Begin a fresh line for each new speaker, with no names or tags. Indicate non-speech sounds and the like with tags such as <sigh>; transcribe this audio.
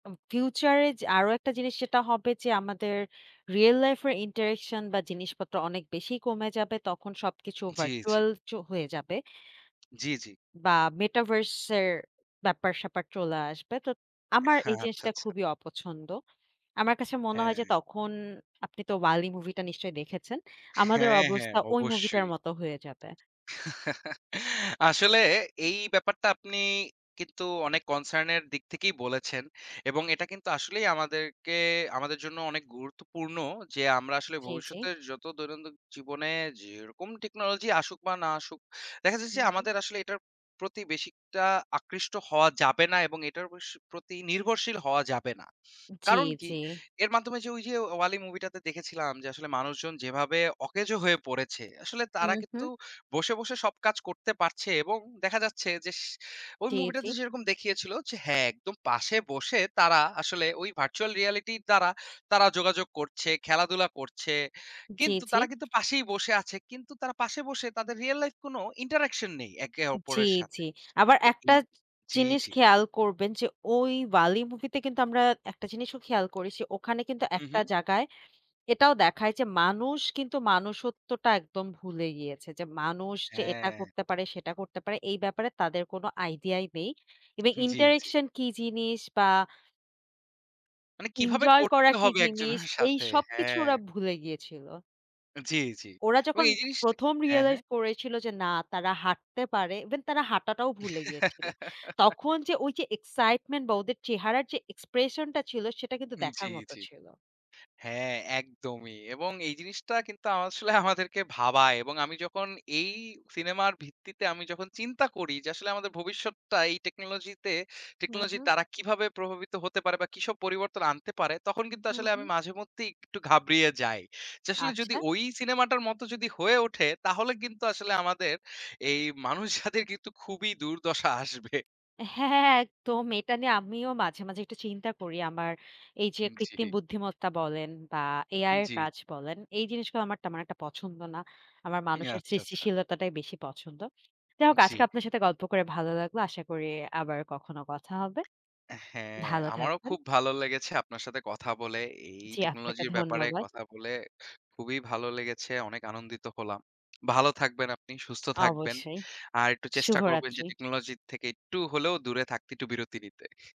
উম future এ যে আরো একটা জিনিস সেটা হবে যে, আমাদের রিয়েল লাইফ এর interaction বা জিনিসপত্র অনেক বেশি কমে যাবে। তখন সবকিছু
জি, জি।
virtual চ হয়ে যাবে।
জি, জি।
বা Metaverse এর ব্যাপার-স্যাপার চলে আসবে। তো আমার এই
আচ্ছা,
জিনিসটা
আচ্ছা।
খুবই অপছন্দ। আমার কাছে মনে হয় যে,
হ্যাঁ।
তখন আপনি তো 'WALL·E' মুভিটা নিশ্চয়ই দেখেছেন, আমাদের
হ্যাঁ, হ্যাঁ
অবস্থা ওই মুভিটার
অবশ্যই!
মতো হয়ে যাবে।
<chuckles> আসলে, এই ব্যাপারটা আপনি কিন্তু অনেক concern এর দিক থেকেই বলেছেন। এবং এটা কিন্তু আসলেই আমাদেরকে আমাদের জন্য অনেক গুরুত্বপূর্ণ যে, আমরা আসলে
জি, জি।
ভবিষ্যতের যত দৈনন্দিন জীবনে যেরকম টেকনোলজি আসুক বা না আসুক, দেখা যাচ্ছে
হুম, হু।
আমাদের আসলে এটার প্রতি বেশি একটা আকৃষ্ট হওয়া যাবে না এবং এটার বেশ প্রতি নির্ভরশীল হওয়া যাবে না।
জি,
কারণ কি?
জি।
এর মাধ্যমে যে ওই যে 'WALL·E' মুভিটাতে দেখেছিলাম যে, আসলে মানুষজন যেভাবে অকেজো হয়ে পড়েছে, আসলে তারা
হুম, হু।
কিন্তু বসে, বসে সব কাজ করতে পারছে এবং দেখা যাচ্ছে যেস ওই
জি, জি।
মুভিটাতে যেরকম দেখিয়েছিল যে, হ্যাঁ! একদম পাশে বসে তারা আসলে ওই virtual reality র দ্বারা তারা যোগাযোগ করছে, খেলাধুলা করছে।
জি,
কিন্তু
জি।
তারা কিন্তু পাশেই বসে আছে। কিন্তু তারা পাশে বসে তাদের রিয়েল লাইফ কোনো interaction নেই একে
জি,
অপরের সাথে।
জি। আবার
তো
একটা
এই
চ
জি,
জিনিস
জি।
খেয়াল করবেন যে, ওই 'WALL·E' মুভিতে কিন্তু আমরা একটা জিনিসও খেয়াল করেছি ওখানে কিন্তু একটা
উম-হু।
জাগায় এটাও দেখায় যে মানুষ কিন্তু মনুষ্যত্বটা একদম ভুলে গিয়েছে। যে মানুষ যে এটা
হ্যাঁ।
করতে পারে, সেটা করতে পারে, এই ব্যাপারে তাদের কোনো আইডিয়াই নেই। eve
উ-হুম জি, জি।
interaction কি জিনিস, বা
মানে কিভাবে
ইনজয় করা
করতে
কি
হবে <scoffs>
জিনিস,
একজনের
এই
সাথে
সবকিছু
হ্যাঁ।
ওরা ভুলে গিয়েছিল!
আ জি, জি।
ওরা
এবং
যখন
এই জিনিসটা
১ম
হ্যাঁ, হ্যাঁ।
realize করেছিল যে, "না! তারা হাঁটতে পারে!" even তারা হাঁটাটাও ভুলে গিয়েছিল।
<giggles>
তখন যে ওই যে excitement বা ওদের চেহারার যে expression টা ছিল, সেটা কিন্তু
উম জি,
দেখার মত
জি।
ছিল!
হ্যাঁ, একদমই! এবং এই জিনিসটা কিন্তু আসলে <scoffs> আমাদেরকে ভাবায় এবং আমি যখন এই সিনেমার ভিত্তিতে আমি যখন চিন্তা করি, যে আসলে আমাদের ভবিষ্যৎটা এই টেকনোলজিতে,
হু,
টেকনোলজির
হুম।
দ্বারা কিভাবে প্রভাবিত হতে পারে বা কিসব পরিবর্তন আনতে পারে? তখন কিন্তু
হু,
আসলে আমি
হু।
মাঝেমধ্যেই একটু ঘাবড়িয়ে যাই। যে আসলে যদি
আচ্ছা।
ওই সিনেমাটার মতো যদি হয়ে ওঠে, তাহলে কিন্তু আসলে আমাদের এই মানুষ জাতির কিন্তু খুবই দুর্দশা আসবে।
<scoffs> হ্যাঁ একদম! এটা নিয়ে আমিও মাঝে, মাঝে একটু চিন্তা করি। আমার এই যে
<scoffs> উম,
কৃত্রিম
জি।
বুদ্ধিমত্তা বলেন বা
জি,
AI এর
জি।
কাজ বলেন, এই জিনিসগুলো আমার তেমন একটা পছন্দ না। আমার মানুষের
আচ্ছা, আচ্ছা।
সৃষ্টিশীলতাটাই বেশি পছন্দ। যা হোক, আজকে
জি।
আপনার সাথে গল্প করে ভালো লাগলো। আশা করি আবার কখনো কথা হবে।
হ্যাঁ,
ভালো
আমারও
থাকবেন।
খুব ভালো লেগেছে আপনার সাথে কথা বলে, এই
জি, আপনাকে
টেকনোলজির ব্যাপারে
ধন্যবা
কথা বলে খুবই ভালো লেগেছে! অনেক আনন্দিত হলাম। ভালো থাকবেন আপনি, সুস্থ থাকবেন।
অবশ্যই,
আর একটু চেষ্টা করবেন যে
শুভরাত্রি।
টেকনোলজির থেকে একটু হলেও দূরে থাকতে, একটু বিরতি নিতে।